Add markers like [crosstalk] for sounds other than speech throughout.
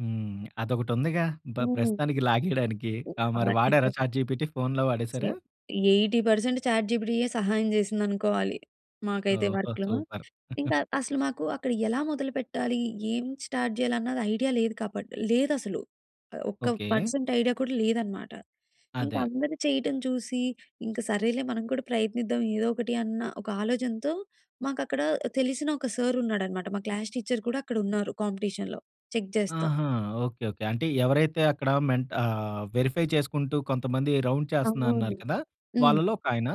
హ్మ్. అదొకటి ఉందిగా బ హ్మ్. ప్రస్తుతానికి లాగేయడానికి. ఆ! మరి హ్మ్. వాడారా [unintelligible] చాట్‌జిపిటి ఫోన్‌లో సో, వాడేసారా? 80% చాట్ జిపిటియె సహాయం జేసిందనుకోవాలి. మాకైతే ఓహో! వర్క్‌లో. సూపర్. [chuckles] ఇంకా అసలు మాకు అక్కడ ఎలా మొదలు పెట్టాలి? ఏం స్టార్ట్ జేయాలి? అన్నది ఐడియా లేదు కాబట్టి లేదసలు. ఆహ్, ఒక్క ఓకే. పర్సెంట్ ఐడియా కూడా లేదన్నమాట. ఇంకా అదే. అందరు చేయడం చూసి ఇంక సరేలే మనం కూడా ప్రయత్నిద్దాం, ఏదో ఒకటి అన్న ఒక ఆలోచనతో మాకక్కడ తెలిసిన ఒక సార్ ఉన్నాడన్నమాట. మా క్లాస్ టీచర్ కూడా అక్కడున్నారు కాంపిటీషన్‌లో. చెక్ జేస్తు. ఆహా! ఓకే. ఓకే. అంటే ఎవరైతే అక్కడ మెంట్ ఆహ్, వెరిఫై చేసుకుంటూ కొంతమంది రౌండ్ చేస్తున్నా అవును. అన్నారు కదా! హ్మ్. వాళ్ళలో ఒక ఆయన?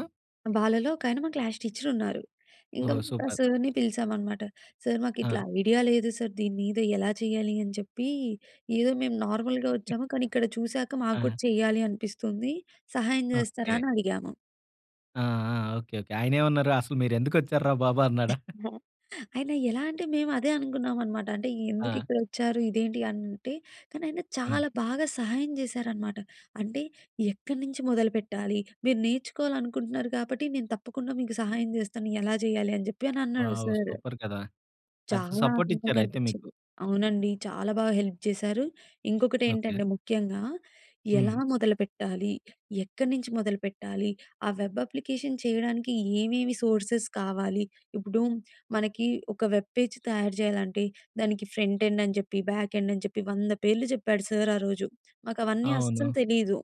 వాళ్ళలో ఒకాయన మా క్లాస్ టీచర్ ఉన్నారు. ఇంకా ఓహో! ఆ సూపర్. సార్‌ని పిలిచామనమాట. "సార్, ఆ! మాకిట్లా ఐడియా లేదు సార్. దీని మీద ఎలా చేయాలి?" అని చెప్పి, "ఏదో మేము నార్మల్‌గా [chuckles] ఒచ్చాము కానీ ఇక్కడ చూసాక మాకు కూడా ఆ! చెయ్యాలి అనిపిస్తుంది. సహాయం జేస్తారా?" ఓకే. అని అడిగాము. ఆ! ఆ! ఓకే. ఓకే. ఆయనేమన్నారు అసలు మీరు ఎందుకొచ్చారా బాబు అన్నాడా? [chuckles] [chuckles] ఆయన యెలా అంటే మేమదే అనుకున్నాం అనమాట. అంటే ఆ! ఎందుకిక్కడొచ్చారు? ఇదేంటి అంటే కానీ ఆయన హ్మ్. చాలా బాగా సహాయం జేశారనమాట. అంటే ఎక్కడ్నుంచి మొదలుపెట్టాలి? మీరు నేర్చుకోవాలనుకుంటున్నారు గాబట్టి నేను తప్పకుండా మీకు సహాయం జేస్తాను ఎలా జేయాలి అని జెప్పి అన్నాడు వావ్! సార్. సూపర్ కదా! అయితే చాలా సపోర్ట్ ఆనందంగా ఇచ్చారు అయితే మీకు. అనిపిచ్చింది. అవునండి. చాలా బాగా హెల్ప్ చేశారు. ఓకే. ఇంకొకటేంటంటే ముఖ్యంగా ఎలా హ్మ్. మొదలుపెట్టాలి? ఎక్కడ్నుంచి మొదలుపెట్టాలి? ఆ వెబ్ అప్లికేషన్ చేయడానికి ఏమేమి సోర్సెస్ కావాలి? ఇప్పుడు మనకి ఒక వెబ్ పేజ్ తయారు జేయాలంటే, దానికి ఫ్రంట్ ఎండ్ అని చెప్పి, బ్యాక్ ఎండ్ అని చెప్పి, 100 పేర్లు జెప్పాడు సార్ ఆ రోజు. మాకవన్నీ అస్సలు అవును. తెలీదు.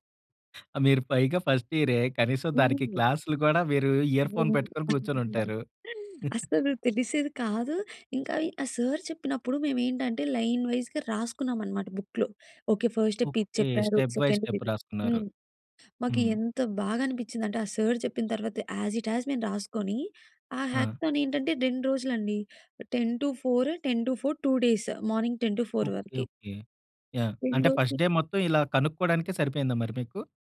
ఆ! మీరు పైగా ఫస్ట్ ఇయరే. కనీసం దానికి హ్మ్. క్లాస్‌లు కూడా మీరు ఇయర్‌ఫోన్ [unintelligible] పెట్టుకొని కూర్చొని [chuckles] ఉంటారు. [chuckles] అసలు తెలిసేది కాదు. ఇంకా ఈ ఆ సార్ చెప్పినప్పుడు మేమేంటంటే లైన్ వైస్‌గా రాసుకున్నామన్నమాట బుక్‌లో. ఓకే. ఫస్ట్ స్టెప్ ఇది ఓకే. చెప్పారు. స్టెప్ బై సెకండ్ స్టెప్ ఇది. రాసుకున్నారు. హ్మ్. మాకు హ్మ్. ఎంత బాగా అనిపించిందంటే ఆ సార్ చెప్పిన తరువాత యాస్ ఇట్ యాస్ మేము రాసుకొని, ఆ ఆ! హ్యాక్‌తాన్ ఏంటంటే. 2 రోజులండి. 10-4, 10-4 2 డేస్. Morning 10-4 okay. వరకి. ఓకే. యాహ్! 2 అంటే రోజులు ఫస్ట్ డే మొత్తం ఇలా కనుక్కోవడానికే సరిపోయిందా మరి మీకు?